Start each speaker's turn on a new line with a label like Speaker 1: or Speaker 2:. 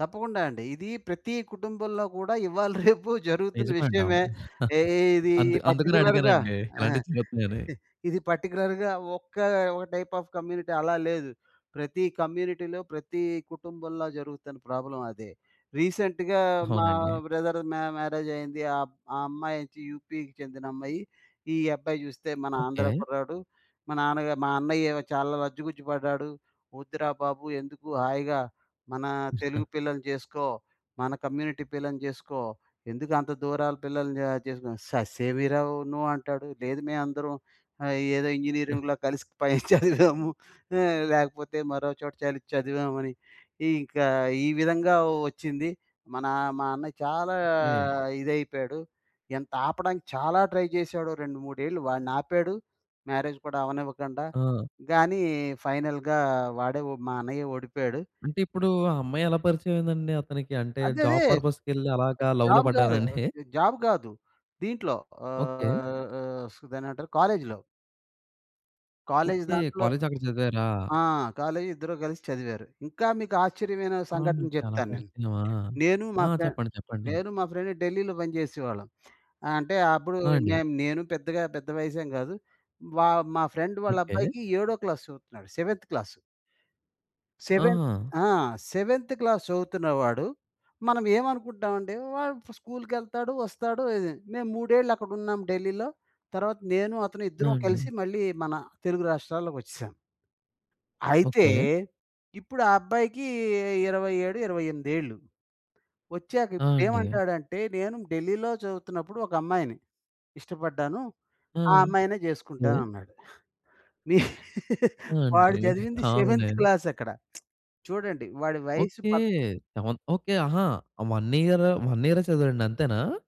Speaker 1: తప్పకుండా అండి. ఇది ప్రతీ కుటుంబంలో గూడా ఇవాళ రేపు జరుగుతున్న
Speaker 2: నిజమండి.
Speaker 1: విషయమే.
Speaker 2: అవును.
Speaker 1: ఎ ఇది
Speaker 2: అందు అందుకనే
Speaker 1: పర్టిక్యులర్‌గా
Speaker 2: అడిగానండి
Speaker 1: ఆహ్,
Speaker 2: ఇలాంటియి జరుగుతున్నాయని.
Speaker 1: ఇది పర్టిక్యులర్‌గా ఒక్క ఒక టైప్ ఆఫ్ కమ్యూనిటీ అలా లేదు. ప్రతీ కమ్యూనిటీలో, ప్రతీ కుటుంబంలో జరుగుతున్న ప్రాబ్లమ్ అదే. రీసెంట్‌గా మా
Speaker 2: అవునండి.
Speaker 1: బ్రదర్ మ్యా మ్యారేజ్ అయింది. ఆ ఆ అమ్మాయోచ్చి యు‌పి‌కి చెందిన అమ్మాయి, ఈ అబ్బాయి చూస్తే మన ఆంధ్ర
Speaker 2: ఓకే.
Speaker 1: కుర్రాడు. మా నాన్నగా మా అన్నయ్యేమో చాలా లజ్జుగుజ్జు పడ్డాడు. వద్దురా బాబు ఎందుకు హాయిగా, మన తెలుగు పిల్లని జేసుకో, మన కమ్యూనిటీ పిల్లని జేసుకో, ఎందుకు అంత దూరాల పిల్లని ఆహ్, చేసుకో ససే‌మి‌రా నో అంటాడు. లేదు మేమందరం ఆహ్, ఏదో
Speaker 2: ఆ!
Speaker 1: ఇంజినీరింగులో కలిసి పైన చదివాము. ఆ లేకపోతే మరోచోట చలి చదివామని. ఈ ఇంకా ఈ విధంగా వచ్చింది. మన మా అన్న చాలా
Speaker 2: ఏ
Speaker 1: ఇదైపోయాడు. ఎంత ఆపడానికి చాలా ట్రై చేసాడు. 2, 3 ఏళ్ళు వాడ్ని ఆపాడు, మ్యారేజ్ కూడా అవ్వనివ్వకుండా.
Speaker 2: ఆ!
Speaker 1: గానీ ఫైనల్‌గా వాడే వొ మా అన్నయ్యే ఓడిపోయాడు.
Speaker 2: అంటే ఇప్పుడూ ఆ అమ్మాయి ఎలా పరిచయమయిందండి అతనికి? అంటే
Speaker 1: అదే అదే
Speaker 2: జాబ్ పర్పసుకెళ్ళి అలాగా లవ్‌లో
Speaker 1: జాబ్ గాదు.
Speaker 2: పడ్డారండి?
Speaker 1: ఆహ్, జాబ్ గాదు. దీంట్లో
Speaker 2: ఓకే.
Speaker 1: ఆహ్, ఆహ్, సు దాన్నేమంటారు కాలేజిలో. College
Speaker 2: okay.
Speaker 1: దాంట్లో
Speaker 2: కాలేజక్కడ చదివారా?
Speaker 1: ఆ! కాలేజి ఇద్దరు కలిసి చదివారు. ఇంకా మీకు ఆశ్చర్యమైన
Speaker 2: అవును.
Speaker 1: సంఘటన
Speaker 2: అలా
Speaker 1: చెప్తానేను.
Speaker 2: పరిచయమా!
Speaker 1: నేను
Speaker 2: ఆ!
Speaker 1: మా ఫ్రెం
Speaker 2: చెప్పండి చెప్పండి.
Speaker 1: నేను మా ఫ్రెండ్ ఢిల్లీలో పనిచేసేవాళ్ళం. అంటే అప్పుడు
Speaker 2: ఆ! అండి.
Speaker 1: మేము నేను పెద్దగా పెద్ద వయసేంకాదు. వా మా ఫ్రెండ్
Speaker 2: ఓకే.
Speaker 1: వాళ్ళబ్బాయికి ఏడో క్లాసు చదువుతున్నాడు సెవెంత్ క్లాస్. సెవెంత్
Speaker 2: ఆహా!
Speaker 1: ఆ! సెవెంత్ క్లాస్ చదువుతున్నవాడు, మనం ఏమనుకుంటామంటే వాడు స్కూలుకెళ్తాడు, వస్తాడు ఇది. మేము 3 ఏళ్ళు అక్కడున్నాం ఢిల్లీలో. తర్వాత నేను అతను
Speaker 2: ఆ!
Speaker 1: ఇద్దరం కలిసి
Speaker 2: అండీ.
Speaker 1: మళ్ళీ మన తెలుగు రాష్ట్రాల్లోకి వచ్చేసాం. అయితే
Speaker 2: ఓకే.
Speaker 1: ఇప్పుడా అబ్బాయికి 27, 28 ఏళ్ళు వచ్చాక
Speaker 2: ఆ! అండి.
Speaker 1: ఇప్పుడేమంటాడంటే "నేను ఢిల్లీలో చదువుతున్నప్పుడు ఒక అమ్మాయిని ఇష్టపడ్డాను.
Speaker 2: ఆ!
Speaker 1: ఆ అమ్మాయినే
Speaker 2: దె
Speaker 1: చేసుకుంటానన్నాడు." నే
Speaker 2: ఆ! అండి.
Speaker 1: వాడు
Speaker 2: అది
Speaker 1: చదివింది సెవెంత్
Speaker 2: కామనె.
Speaker 1: క్లాసక్కడ చూడండి వాడి వయసు
Speaker 2: ఓకే.
Speaker 1: పద్
Speaker 2: సెవెన్త్ ఓకే. ఆహా! వన్ ఇయర్ వన్ ఇయరే చదివడండి అంతేనా?